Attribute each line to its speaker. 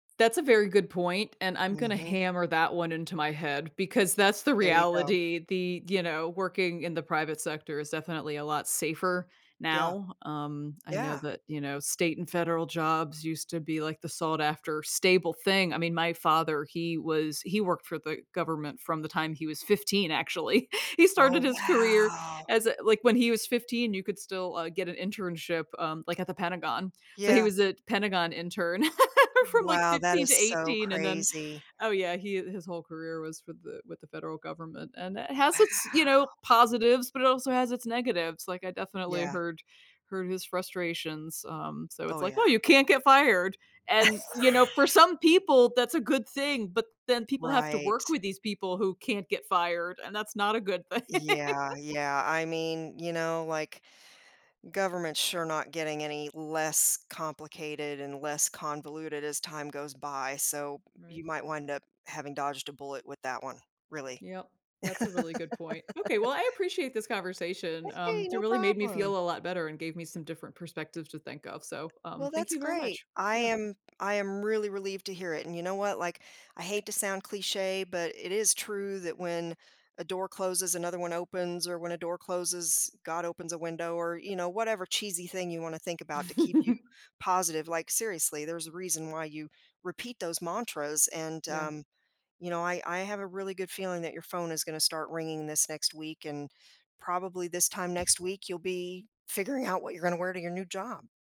Speaker 1: That's a very good point, and I'm gonna
Speaker 2: Mhm.
Speaker 1: hammer that one into my head because that's the
Speaker 2: There you go.
Speaker 1: reality. The, you know, working in the private sector is definitely a lot safer
Speaker 2: Yeah.
Speaker 1: now. Um, I know
Speaker 2: Yeah.
Speaker 1: that, you know, state and federal jobs used to be, like, the sought after stable thing. I mean, my father he was he worked for the government from the time he was 15, actually. He started
Speaker 2: Oh,
Speaker 1: his career
Speaker 2: wow!
Speaker 1: as a like, when he was 15, you could still, uh, get an internship, um, like, at the Pentagon. So, he
Speaker 2: Yeah.
Speaker 1: was a t Pentagon intern from like
Speaker 2: Wow. That
Speaker 1: 15
Speaker 2: is
Speaker 1: to
Speaker 2: so
Speaker 1: 18. And then
Speaker 2: crazy.
Speaker 1: Oh, yeah. He, uh his whole career was with the with the federal government. And it has its, you know,
Speaker 2: Wow!
Speaker 1: positives, but it also has its negatives. Like, I definitely
Speaker 2: Yeah.
Speaker 1: heard heard of his frustrations. Um, so
Speaker 2: Oh,
Speaker 1: it's like,
Speaker 2: yeah.
Speaker 1: "Oh, you can't get fired." And, you know, for some people, that's a good thing, but then people have to
Speaker 2: Right.
Speaker 1: work with these people who can't get fired, and that's not a good thing.
Speaker 2: Yeah, yeah. I mean, you know, like, government's sure not getting any less complicated and less convoluted as time goes by, so,
Speaker 1: Right.
Speaker 2: you might wind up having dodged a bullet with that one really.
Speaker 1: Yep. That's a really good point. Okay. Well, I appreciate this conversation.
Speaker 2: Hey,
Speaker 1: Um, you
Speaker 2: no
Speaker 1: really made me
Speaker 2: problem.
Speaker 1: feel a lot better, and gave me some different perspectives to think of. So,
Speaker 2: Well,
Speaker 1: um, thank
Speaker 2: that's
Speaker 1: you very
Speaker 2: great.
Speaker 1: much.
Speaker 2: I
Speaker 1: Yeah.
Speaker 2: am I am really relieved to hear it. And you know what, like, I hate to sound cliché, but it is true that when a door closes, another one opens or when a door closes, God opens a window or, you know, whatever cheesy thing you wanna think about to keep you positive. Like, seriously, there's a reason why you repeat those mantras. And,
Speaker 1: Yeah.
Speaker 2: um, you know, I I have a really good feeling that your phone is gonna start ringing this next week, and probably this time next week, you'll be figuring out what you gonna wear to your new job.